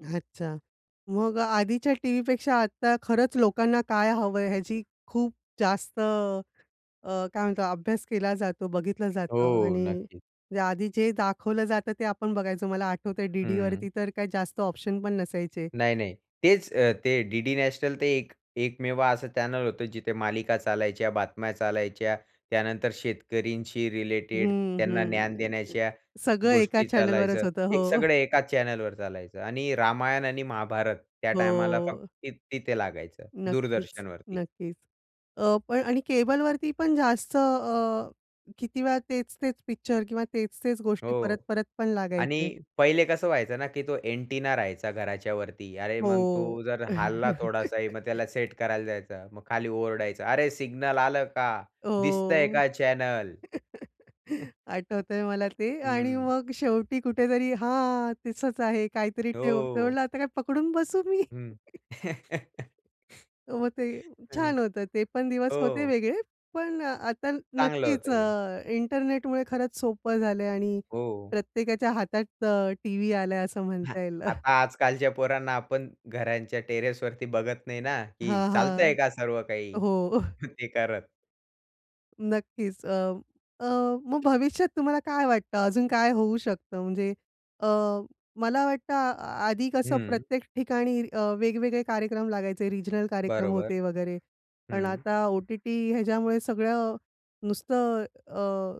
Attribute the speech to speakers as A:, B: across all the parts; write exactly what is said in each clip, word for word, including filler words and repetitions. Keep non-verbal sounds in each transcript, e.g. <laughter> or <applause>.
A: अच्छा! मग आधीच्या टीव्हीपेक्षा आता खरंच लोकांना काय हवंय ह्याची खूप जास्त अ, अ, काय म्हणतो अभ्यास केला जातो, बघितलं जातं
B: हो,
A: आणि
B: नक्कीच.
A: या आधी जे दाखवलं जातं ते आपण बघायचो. मला आठवतंय
B: हं.
A: डी-डीवरती तर काय जास्त ऑप्शन पण नसायचे.
B: नाही-नाही. तेचं अ, ते डी-डी नॅशनल ते एक एकमेव असं चॅनेल होतं, जिथे मालिका चालायच्या, बातम्या चालायच्या, त्यानंतर शेतकऱ्यांशी रिलेटेड
A: हं,
B: त्यांना ज्ञान
A: हं.
B: देण्याच्या
A: सगळं एका
B: गोष्टी चालायचं.
A: चॅनेलवरच होतं.
B: एक
A: हो.
B: सगळं एकाच चॅनेलवर चालायचं आणि रामायण आणि महाभारत त्या टाईमला फक्त
A: हो.
B: ते तिथे लागायचं
A: नक्कीच,
B: दूरदर्शनवरती.
A: नक्कीच. अ, पण आणि केबलवरती पण जास्त अ, किती वेळा तेच-तेच पिक्चर किंवा तेच-तेच गोष्टी
B: हो
A: परत-परत पण
B: आणि
A: लागायचे.
B: पहिले कसं व्हायचं ना की तो अँटेना राहायचा घराच्या वरती. अरे, मग
A: हो.
B: तो जर हलला थोडासाही, मग
A: <chuckles>
B: त्याला सेट करायला जायचा. मग खाली ओरडायचा, "अरे सिग्नल आलं का? दिसतंय
A: हो!
B: का चॅनेल?"
A: <chuckles>
B: <chuckles>
A: आठवतंय मला ते. आणि
B: हं.
A: मग शेवटी कुठेतरी हां, तसच आहे काहीतरी ठेवते, मी
B: हो.
A: म्हणलं आता काय पकडून बसू मी?
B: हं. <chuckles>
A: <chuckles> हो, ते
B: हं,
A: छान होतं. ते पण दिवस होते
B: हो.
A: वेगळे. पण आता
B: चांगलं
A: नक्कीच
B: होतं ते.
A: अ, इंटरनेटमुळे खरंच सोपं झालंय आणि
B: हो.
A: प्रत्येकाच्या हातात अ, टीव्ही आलाय असं
B: हां,
A: म्हणता येईल. <chuckles>
B: आता आजकालच्या पोरांना आपण घरांच्या टेरेसवरती बघत नाही ना, की
A: हां,
B: चालतंय
A: हां,
B: का सर्व काही,
A: हो. <chuckles>
B: <chuckles> ते करत.
A: नक्कीच. अ, अ, मग भविष्यात तुम्हाला काय वाटतं अजून काय होऊ शकतं? म्हणजे अ, मला वाटतं आ आधी कसं
B: हं.
A: प्रत्येक ठिकाणी अ, वेगवेगळे कार्यक्रम लागायचे, रिजनल कार्यक्रम
B: बरोबर,
A: होते वगैरे. पण
B: हं.
A: आता ओ-टी-टी ह्याच्यामुळे सगळं, नुसतं अ,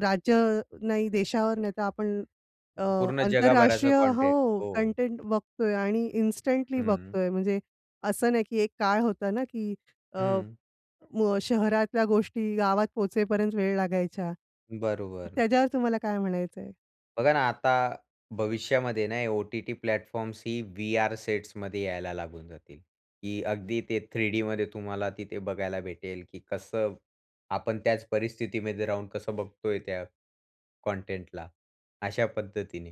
A: राज्य नाही देशावर नाही, तर आपण अ,
B: पूर्ण जगाभराचा
A: आंतरराष्ट्रीय
B: कॉन्टेंट.
A: हो.
B: हो.
A: कंटेंट बघतोय आणि इन्स्टंटली
B: हं.
A: बघतोय. म्हणजे असं नाही की एक काळ होता ना की अ,
B: हं.
A: मग शहरातल्या गोष्टी गावात पोहोचेपर्यंत वेळ लागायच्या.
B: बरोबर.
A: त्याच्यावर तुम्हाला काय म्हणायचंय?
B: बघा ना, आता भविष्यामध्ये आहे ना हे ओ-टी-टी प्लॅटफॉर्म्सही व्हीआर सेट्समध्ये यायला लागून जातील, की अगदी ते थ्री डीमध्ये तुम्हाला तिथे बघायला भेटेल, की कसं आपण त्याच परिस्थितीमध्ये राहून कसं बघतोय त्या कॉन्टेंटला अशा पद्धतीने.